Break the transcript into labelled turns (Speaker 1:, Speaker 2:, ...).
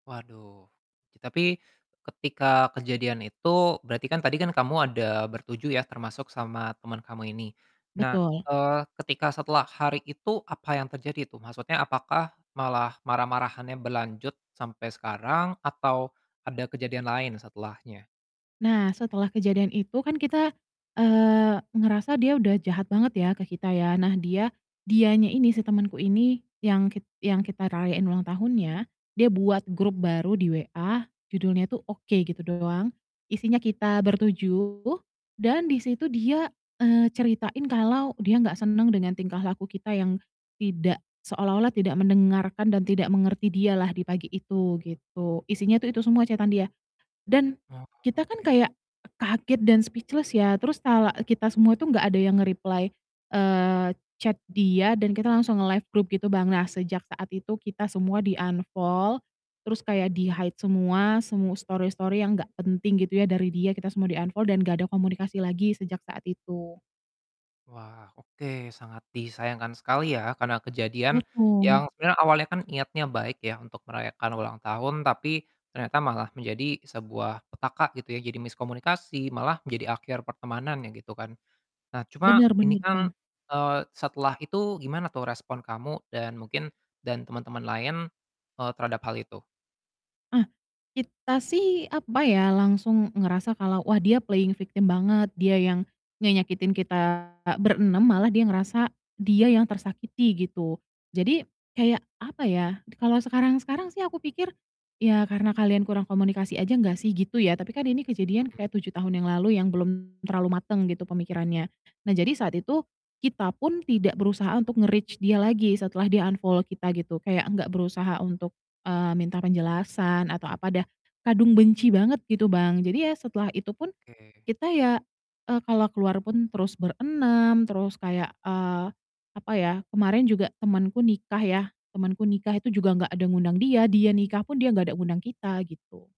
Speaker 1: Waduh, i tapi ketika kejadian itu berarti kan tadi kan kamu ada ber-7 ya, termasuk sama temen kamu ini, nah,
Speaker 2: Betul.
Speaker 1: eee, ketika setelah hari itu apa yang terjadi tuh? Maksudnya apakah malah marah-marahannya berlanjut sampai sekarang, atau ada kejadian lain setelahnya?
Speaker 2: Nah, setelah kejadian itu kan kita, eee, ngerasa dia udah jahat banget ya ke kita ya, nah dia dianya ini, si temenku ini yang kit yang kita rayain ulang tahunnya, dia buat grup baru di WA judulnya tuh "Oke", gitu doang, isinya kita ber-7, dan di situ dia, eee, ceritain kalau dia gak seneng dengan tingkah laku kita yang tidak seolah-olah tidak mendengarkan dan tidak mengerti dialah di pagi itu, gitu. Isinya tuh itu semua chat-an dia. Dan,
Speaker 1: Oh,
Speaker 2: kita kan
Speaker 1: oke.
Speaker 2: kayak kaget dan speechless ya, terus talak eee, kita semua tuh gak ada yang nge-reply, eee, chat dia dan kita langsung nge-left grup gitu, Bang. Nah, sejak saat itu kita semua di-unfollow terus kayak di-hide semua, semu story-story yang gak penting gitu ya dari dia, kita semua di-unfollow dan gak ada komunikasi lagi sejak saat itu.
Speaker 1: Wah, oke. Sangat disayangkan sekali ya, karena kejadian
Speaker 2: Betul.
Speaker 1: yang sebenernya awalnya kan niatnya baik ya untuk merayakan ulang tahun tapi ternyata malah menjadi sebuah petaka gitu ya, jadi miskomunikasi, malah menjadi akhir pertemanan ya, gitu kan. Nah, cuma
Speaker 2: Bener
Speaker 1: ini
Speaker 2: bener,
Speaker 1: kan,
Speaker 2: Bang.
Speaker 1: eee, setelah itu gimana tuh respon kamu dan mungkin dan teman-teman lain, eee, terhadap hal itu?
Speaker 2: Ah. Kita sih apa ya, langsung ngerasa kalau, wah, dia playing victim banget, dia yang ngenyakitin kita ber-6, malah dia ngerasa dia yang tersakiti, gitu. Jadi kayak, apa ya, kalau sekarang-sekarang sih aku pikir, "Ya, karena kalian kurang komunikasi aja nggak sih," gitu ya, tapi kan ini kejadian
Speaker 1: Mhm.
Speaker 2: kayak 7 tahun yang lalu yang belum terlalu mateng gitu pemikirannya. Nah, jadi saat itu kita pun tidak berusaha untuk nge-reach dia lagi setelah dia unfollow kita gitu, kayak nggak berusaha untuk, eee, minta penjelasan atau apa, dah kadung benci banget gitu, Bang. Jadi ya setelah itu pun
Speaker 1: Oke.
Speaker 2: kita ya, eee, kalau keluar pun terus ber-6, terus kayak, eee, apa ya, kemarin juga temanku nikah ya, temanku nikah itu juga nggak ada ngundang dia, dia nikah pun dia nggak ada ngundang kita, gitu.